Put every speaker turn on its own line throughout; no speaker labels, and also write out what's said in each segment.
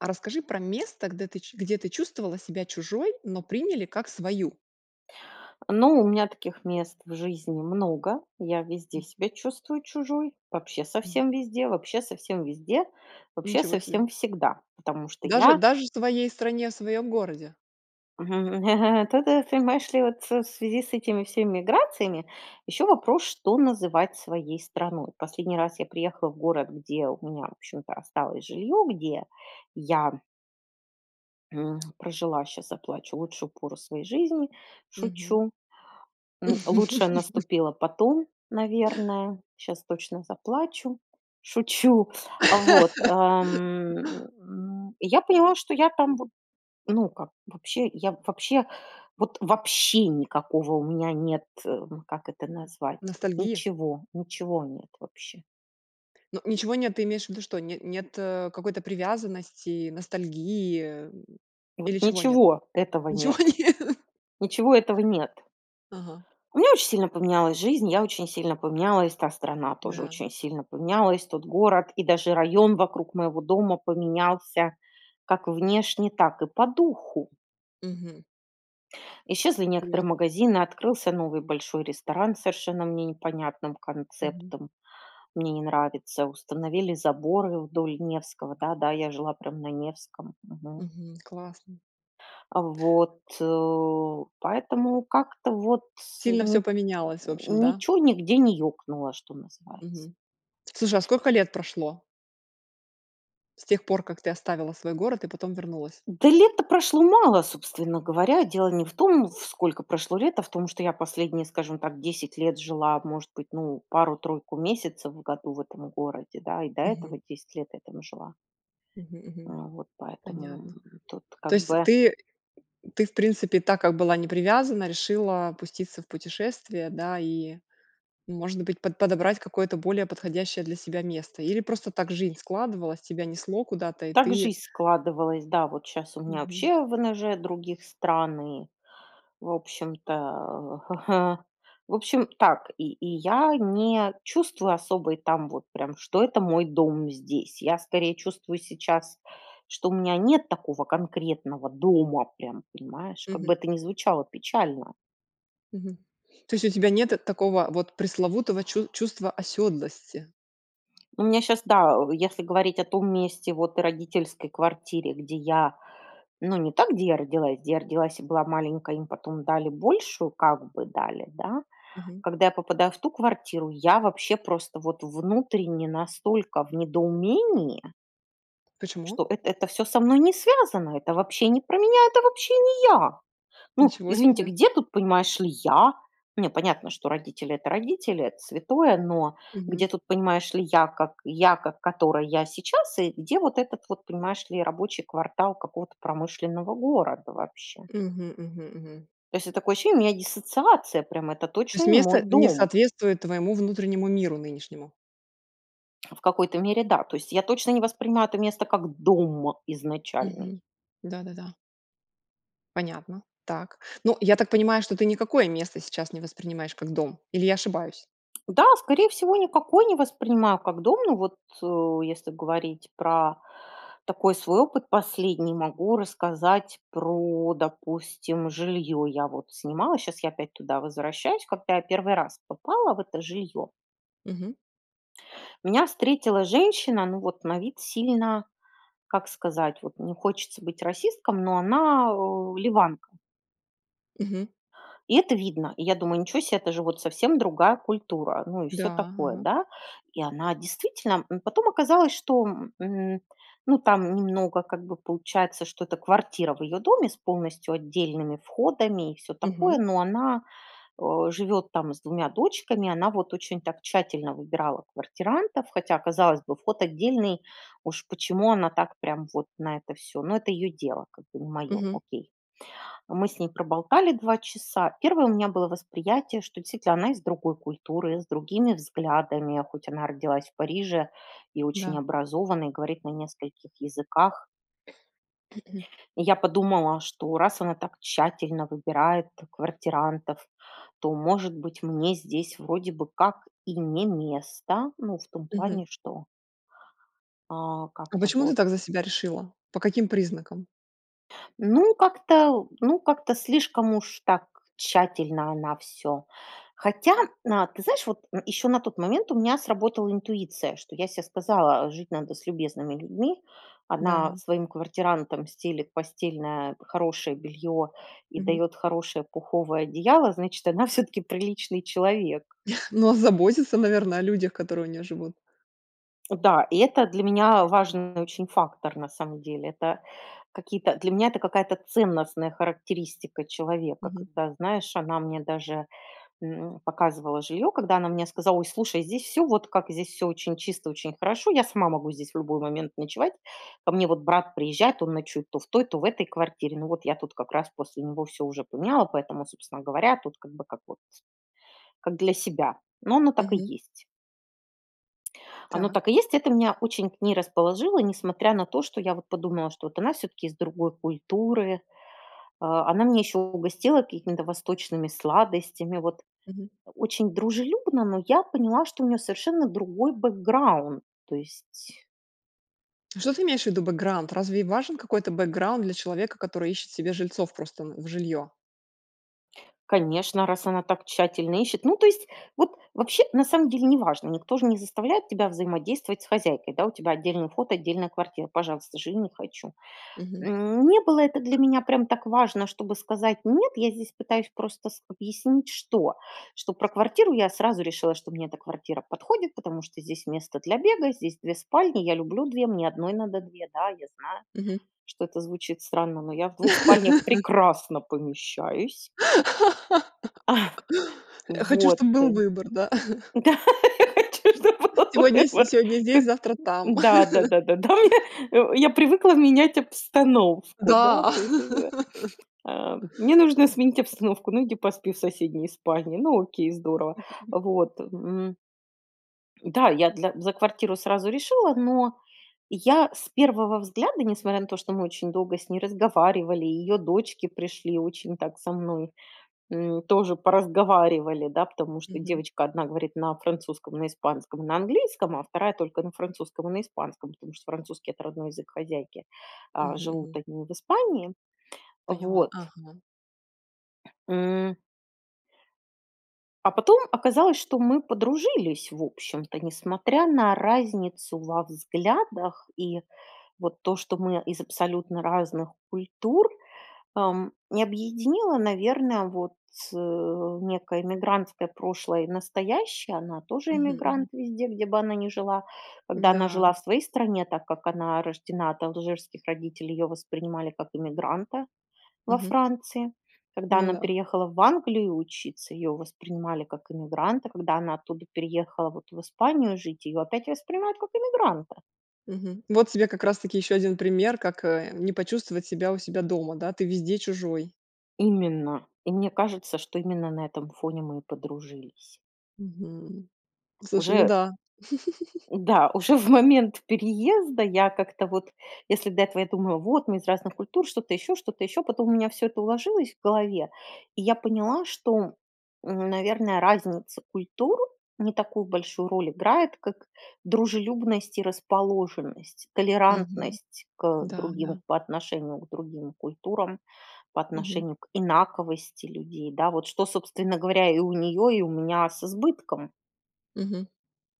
А расскажи про место, гдэ ты где ты чувствовала себя чужой, но приняли как свою.
Ну, у меня таких мест в жизни много. Я везде
М.
себя чувствую чужой. Вообще
Мгм.
совсем везде вообще совсем везде, вообще
Ничего себе!
совсем всегда, потому что
Даже
я
даже в своей стране, в своём городе!
То то т понимаешь ли, вот в связи с этими всеми миграциями ещё вопрос: что называть своей страной? Последний раз я приехала в город, где у меня, в общем-то, осталось жилье, где я м, прожила, щас заплачу, лучшую пору своей жизни.
Мгм.
Шучу. М, лучшее наступило потом, наверное. Щас точно заплачу, шучу. А вот, ам, м, я поняла, что я там вот, ну, как вообще, я вообще, вот вообще никакого у меня нет, э, как это назвать,
Ностальгия?
ничего ничего нет вообще.
Ну, ничего нет. Ты имеешь в виду что? Не нет, э, какой-то привязанности, ностальгии?
Вот
Или чего нет?
ничего этого
Ничего
нет.
нет?
Ничего этого нет.
Ага.
У меня очень сильно поменялась жизнь, я очень сильно поменялась, та страна тоже
Да.
очень сильно поменялась. Тот город и даже район вокруг моего дома поменялся как внешне, так и по духу.
Мгм.
Исчезли
[unintelligible]
некоторые магазины, открылся новый большой ресторан с совершенно мне непонятным
Мгм.
концептом, мне не нравится. Установили заборы вдоль Невского Да-да, я жила прям на Невском, мгм.
Мгм, классно.
А вот, поэтому как-то вот тс
Сильно всё
ни
поменялось, в общем, да?
ничё нигде не екнуло, что называется.
Мгм. Слушай, а сколько лет прошло с тех пор, как ты оставила свой город и потом вернулась?
Да лет-то прошло мало, собственно говоря. Дело не в том, вф сколько прошло лет, а в том, что я последние, скажем так, 10 лет жила, может быть, ну пару-тройку месяцев в году в этом городе, да, и до
Мгм.
этого 10 лет я там жила.
Мгм,
Э,
мгм.
вот поэтому,
Понятно.
тут
То
как
есть
бы.
ты ты, в принципе, так как была не привязана, решила пуститься в путешествие, да, и, может быть, под подобрать какое-то более подходящее для себя место? Или просто так жизнь складывалась, тебя несло куда-то, и
Так
ты
жизнь складывалась, да вот щас у меня
Мгм.
вообще ВНЖ других стран, и, в общем-то. В общем, так и и я не чувствую особо и там вот прям, что это мой дом здесь, я скорее чувствую сейчас, что у меня нет такого конкретного дома прям, понимаешь, как
Мгм.
бы это ни звучало печально.
Мгм. То есть у тебя нет, э, такого вот пресловутого чу чувства оседлости.
У меня щас да, если говорить о том месте, вот и родительской квартире, где я, ну, не там, где я родилась, где я родилась и была маленькая, и им потом дали большую, как бы дали, да?
Мгм.
Когда я попадаю в ту квартиру, я вообще просто, вот, внутренне настолько в недоумении
Почему?
что эт это всё со мной не связано, это вообще не про меня, это вообще не я! Ну,
Ничего
извините,
себе!
где тут, понимаешь ли, я? Нет, понятно, что родители- это родители, это святое, но где
Мгм.
тут, понимаешь ли, я, как я, как которая я сейчас, и где вот этот вот, понимаешь ли, рабочий квартал какого-то промышленного города вообще.
Мгм, мгм, мгм.
То есть это такое ощущение, у меня диссоциация прямо, это
То
точно
есть
не мой
место не
дом.
соответствует твоему внутреннему миру нынешнему.
В какой-то мере, да. То есть, я точно не воспринимаю это место как дом изначальный.
Мгм. Да, да, да. Понятно. Так. Ну, я так понимаю, что ты никакое место сейчас не воспринимаешь как дом? Или я ошибаюсь?
Да, скорее всего, никакой не воспринимаю как дом. Ну вот, э, если говорить про такой свой опыт последний, могу рассказать про, допустим, жилье. Я вот снимала, щас я опять туда возвращаюсь, когда я в 1 раз попала в это жилье
Мгм.
меня встретила женщина, ну, вот на вид сильно, как сказать. Вот не хочется быть расистом, но она, о, ливанка.
Мгм.
И это видно. И я думаю: "Ничё се, это же вот совсем другая культура", ну и всё
Да,
такое,
ага.
да. И она действительно М, потом оказалось, что, м, ну там немного как бы получается, что это квартира в ее доме с полностью отдельными входами, и всё такое,
Мгм.
но она, о, живет там с 2 дочками. Она вот очень так тщательно выбирала квартирантов, хотя, казалось бы, вход отдельный, уж почему она так прям вот на это всё? Но это ее дело, как бы не мое,
Мгм.
окей. Мы с ней проболтали 2 часа. Первое у меня было восприятие, что действительно она из другой культуры, с другими взглядами, хоть она родилась в Париже и очень
Да.
образована, и говорит на нескольких языках. И я подумала, что раз она так тщательно выбирает квартирантов, то, может быть, мне здесь вроде бы как и не место. Ну, в том
Мгм.
плане, что а,
А
как-то
почему ты
вот.
так за себя решила? По каким признакам?
Ну, как-то ну, как-то слишком уж так тщательно она всё. Хотя, а, ты знаешь, вот еще на тот момент у меня сработала интуиция. Что я се сказала: "Жить надо с любезными людьми". Она
Да.
своим квартирантам стелет постельное хорошее белье и
Мгм.
дает хорошее пуховое одеяло, значит, она всё-таки приличный человек.
Но озаботиться, наверно, о людях, которые у нее живут.
О да, и это для меня важный очень фактор, на самом деле, это какие-то для меня это какая-то ценностная характеристика человека.
Мгм.
Когда, знаешь, она мне даже, м, показывала жилье, когда она мне сказала: "Ой, слушай, здесь всё вот как, здесь все очень чисто, очень хорошо, я сама могу здесь в любой момент ночевать, ко мне вот брат приезжает, он ночует то в той, то в этой квартире, ну вот я тут как раз после него всё уже поняла, поэтому, собственно говоря, тут как бы вот, как для себя". Но оно так и
Мгм.
есть. Оно
Так.
так и есть, это меня очень к ней расположило, несмотря на то, что я вот подумала, что вот она всё-таки из другой культуры. Э, она меня еще угостила какими-то восточными сладостями, вот,
Мгм.
очень дружелюбно, но я поняла, что у нее совершенно другой бэкграунд, то есть
А что ты имеешь в виду, бэкграунд? Разве важен какой-то бэкграунд для человека, который ищет себе жильцов просто, э, в жилье?
Конечно, раз она так тщательно ищет. Ну, то есть, вот вообще на самом деле неважно, никто же не заставляет тебя взаимодействовать с хозяйкой, да, у тебя отдельный вход, отдельная квартира, пожалуйста, живи- не хочу.
Мгм.
Не было это для меня прям так важно, чтобы сказать: "Нет". Я здесь пытаюсь просто с объяснить что? Что про квартиру я сразу решила, что мне эта квартира подходит, потому что здесь место для бега, здесь 2 спальни, я люблю 2, мне одной надо 2, да, я знаю,
Мгм.
что это звучит странно, но я в 2 спальнях прекрасно помещаюсь.
Я хочу,
Вот.
чтобы
Да.
был выбор, да.
У тебя что, был
Сегодня с
выбор?
сегодня здесь,
Как
завтра там.
да-да-да, да у меня э, я привыкла менять обстановку, да,
Да.
то есть, э, мне нужно сменить обстановку. Ну, иди поспи в соседней спальне. Ну, окей, здорово. Вот. М. Да, я для за квартиру сразу решила, но я с первого взгляда, несмотря на то, что мы очень долго с ней разговаривали, ее дочки пришли, очень так со мной, м, тоже поразговаривали, да, потому что
Мгм.
девочка 1 говорит на французском, на испанском, на английском, а 2- только на французском и на испанском, потому что французский- это родной язык хозяйки, э,
Мгм,
живут
мгм.
они в Испании.
Поняла,
Вот.
ага.
М. А потом оказалось, что мы подружились, в общем-то, несмотря на разницу во взглядах и вот то, что мы из абсолютно разных культур, эм, и объединила, наверное, вот, э, некое иммигрантское прошлое и настоящее. Она тоже
Мгм, мгм.
иммигрант везде, где бы она ни жила. Когда она
Н-да.
жила в своей стране, так как она рождена от алжирских родителей, ее воспринимали как иммигранта во
Мгм.
Франции. Когда
Ну
она
да.
переехала в Англию учиться, ее воспринимали как эмигранта. Когда она оттуда переехала вот в Испанию жить, ее опять воспринимают как эмигранта.
Мгм. Вот тебе как раз-таки еще один пример, как, э, не почувствовать себя у себя дома, да? Ты везде чужой.
Именно. И мне кажется, что именно на этом фоне мы и подружились.
Мгм. Слушай, ну
Уже
да.
Да, уже в момент переезда я как-то вот Если до этого я думала: "Вот мы из разных культур", что-то еще, что-то еще. Потом у меня всё это уложилось в голове, и я поняла, что, м, наверно, разница культур не такую большую роль играет, как дружелюбность и расположенность.
Мгм.
Толерантность к
Да,
другим
да.
по отношению к другим культурам, по
Мгм.
отношению к инаковости людей. Да, вот что, собственно говоря, и у нее, и у меня с избытком.
Мгм.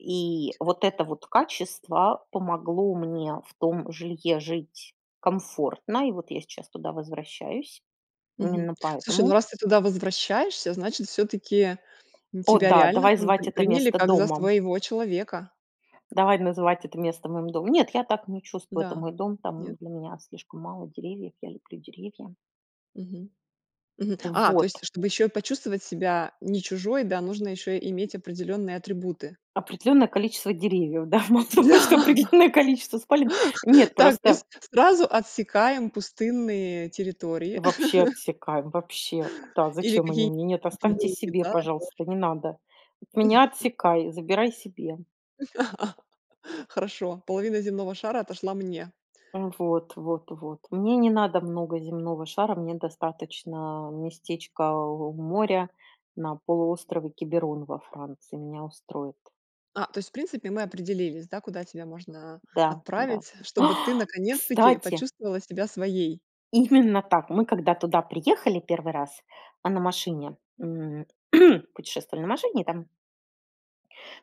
И вот это вот качество помогло мне в том жилье жить комфортно, и вот я сейчас туда возвращаюсь
Мгм.
именно
Слушай, ну,
поэтому.
раз ты туда возвращаешься, значит, всё-таки
О
тебя
да,
реально
давай
там
звать
при
это
приняли
место
как за
домом.
своего человека.
Давай называть это место моим домом. Нет, я так не чувствую. Это
Да.
мой дом.
Нет?
Там для меня слишком мало деревьев, я люблю деревья.
Мгм. Мгм. А, то есть,
Вот.
чтобы еще и почувствовать себя не чужой, да, нужно еще иметь определенные атрибуты.
Определенное количество деревьев, да. Мало того, что
Да.
определенное количество спален. Нет,
Так, то есть
просто
сразу отсекаем пустынные территории
Вообще отсекаем, вообще. Куда,
или
зачем они
какие-нибудь
мне? Нет, оставьте
другие,
себе,
да, тоже.
пожалуйста. Не надо. От меня отсекай, забирай себе.
Хорошо, половина земного шара отошла мне.
Вот вот вот. Мне не надо много земного шара, мне достаточно местечка у моря, на полуострове Киберон во Франции. Меня устроит.
А, то есть, в принципе, мы определились, да, куда тебя можно
Да, да.
отправить, чтобы ты
Ах,
наконец-таки
кстати!
почувствовала себя своей?
Именно так! Мы, когда туда приехали 1 раз, а, на машине, м, путешествовали на машине, и там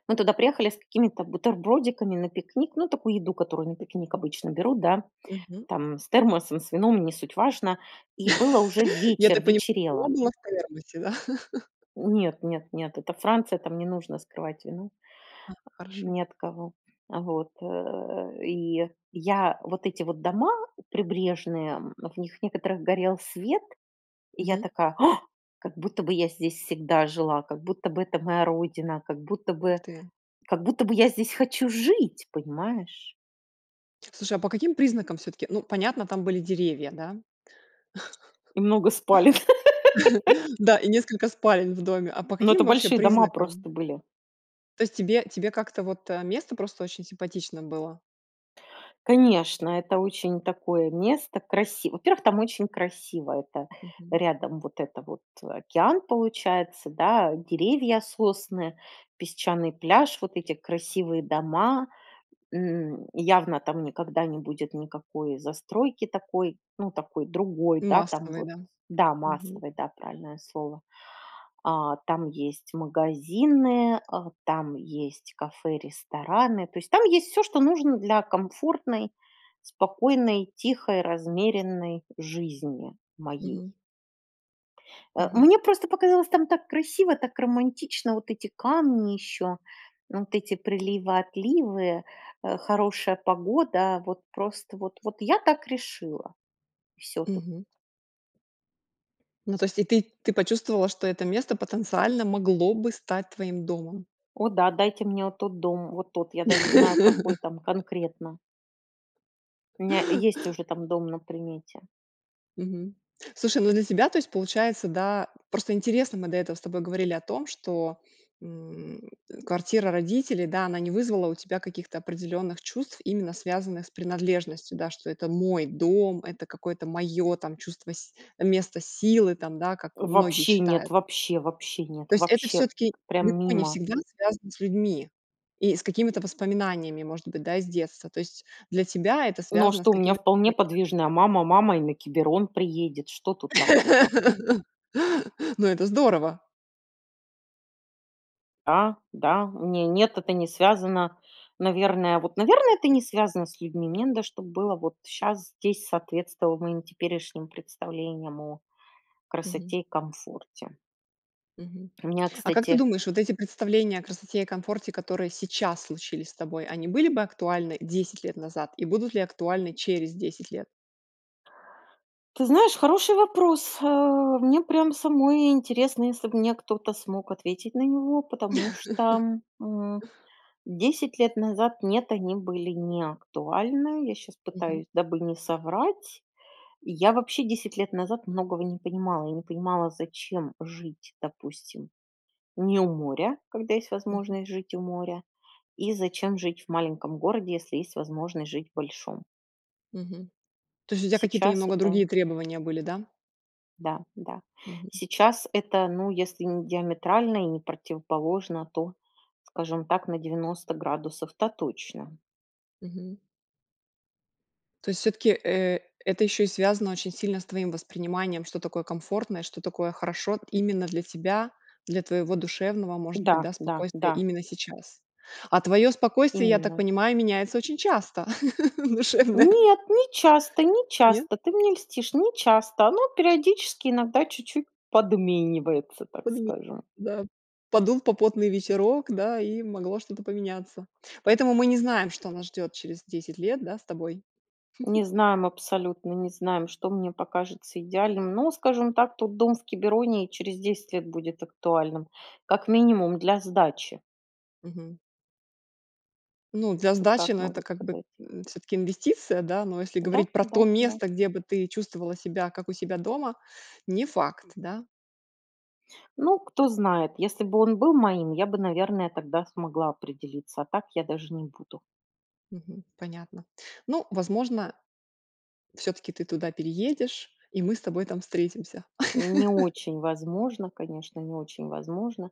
мы туда приехали с какими-то бутербродиками на пикник, ну, такую еду, которую на пикник обычно берут, да,
Мгм.
там, с термосом, с вином, не суть важно. И было уже
Я
вечер,
так понимаю, вино
вечерело.
было в термосе, да.
Нет нет нет, это Франция, там не нужно скрывать вино
А, хорошо.
ни от кого. Вот. Э, и я вот эти вот дома прибрежные, м, в них в некоторых горел свет, и я
Мгм.
такая: "Ах, как будто бы я здесь всегда жила, как будто бы это моя родина, как будто
Ух
бы
ты.
как будто бы я здесь хочу жить, понимаешь?"
Слушай, а по каким признакам все-таки Ну, понятно, там были деревья, да?
И много спален.
Да и несколько спален в доме. А по
Но это
каким вообще
большие дома
признакам?
просто были.
То есть тебе тебе как-то, вот, э, место просто очень симпатично было?
Конечно, это очень такое место красив во-первых, там очень красиво, это
Мгм.
рядом вот это вот океан получается, да, деревья, сосны, песчаный пляж, вот эти красивые дома. М, явно там никогда не будет никакой застройки такой, ну, такой другой, да, там
Массовой,
вот,
да.
да,
Мгм.
массовой, да, правильное слово, а, там есть магазины, а, там есть кафе, рестораны, то есть там есть всё, что нужно для комфортной, спокойной, тихой, размеренной жизни моей.
Мгм.
А,
Мгм.
мне просто показалось, там так красиво, так романтично, вот эти камни ещё, вот эти приливы, отливы, э, хорошая погода, вот просто вот вот, я так решила, и всё тут.
Мгм. Ну, то есть и ты ты почувствовала, что это место потенциально могло бы стать твоим домом.
О да, дайте мне вот тот дом, вот тот, я даже знаю, какой там конкретно. У меня есть уже там дом на примете.
Мгм. Слушай, ну для тебя, то есть получается, да просто интересно: мы до этого с тобой говорили о том, что, м, квартира родителей, да, она не вызвала у тебя каких-то определенных чувств, именно связанных с принадлежностью, да, что это мой дом, это какое-то мое там чувство с место силы, там, да, как многие
Вообще нет,
считают.
вообще, вообще нет,
То есть, это
вообще
все-таки
прям
далеко не
мимо.
всегда связано с людьми и с какими-то воспоминаниями, может быть, да, из детства, то есть, для тебя это
Ну а
связано с
что, у меня
какими-то.
вполне
[unintelligible]
подвижная мама: мама и на Киберон приедет, что тут такого?
Ну это здорово!
Да, да. Не, нет, это не связано, наверное, вот, наверное, это не связано с людьми. Мне надо, чтоб было вот щас здесь соответствовало моим теперешним представлениям о
Мгм.
красоте и комфорте.
Мгм.
У меня,
А как ты
кстати
думаешь, вот эти представления о красоте и комфорте, которые сейчас случились с тобой, они были бы актуальны 10 лет назад? И будут ли актуальны через 10 лет?
Ты знаешь, хороший вопрос, э, мне прям самой интересно, если бы мне кто-то смог ответить на него, потому что, м, 10 лет назад, нет, они были не актуальны, я щас
Мгм.
пытаюсь, дабы не соврать, я вообще 10 лет назад многого не понимала, я не понимала, зачем жить, допустим, не у моря, когда есть
Мгм.
возможность жить у моря, и зачем жить в маленьком городе, если есть возможность жить большом.
Мгм. То есть у тебя какие-то
Сейчас
немного
это
другие требования были, да?
Да, да,
Мгм.
сейчас это, ну, если не диаметрально и не противоположно, то, скажем так, на 90 градусов-то точно.
Мгм. То есть всё-таки, э, это еще и связано очень сильно с твоим восприниманием, что такое комфортное, что такое хорошо именно для тебя, для твоего душевного, может
Да
быть, да,
да
спокойствия
да.
именно сейчас. А твое спокойствие, я так
Именно.
понимаю, меняется очень часто, душевное.
Нет, не часто не
Нет?
часто, ты мне льстишь, не часто. Ну, периодически иногда чуть-чуть подменивается, так
Подмени
скажем.
Да. Подул попутный ветерок, да, и могло что-то поменяться. Поэтому мы не знаем, что нас ждет через 10 лет, да, с тобой.
Не знаем, абсолютно не знаем, что мне покажется идеальным, но, скажем так, тот дом в Кибероне и через 10 лет будет актуальным, как минимум, для сдачи.
Мгм. Ну, для
Вот
сдачи,
так
ну, это
могу
как бы,
сказать.
м, всё-таки инвестиция, да, но если
Да,
говорить про то
да, да.
место, где бы ты чувствовала себя как у себя дома, не факт, да?
Ну, кто знает, если бы он был моим, я бы, наверное, тогда смогла определиться, а так я даже не буду.
Мгм. Понятно. Ну, возможно, всё-таки ты туда переедешь, и мы с тобой там встретимся.
Не очень возможно, конечно, не очень возможно.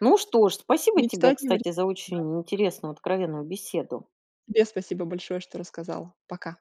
Ну что ж, спасибо тебе,
Мечтать не
кстати,
вредно.
за очень интересную откровенную беседу.
Тебе спасибо большое, что рассказала. Пока.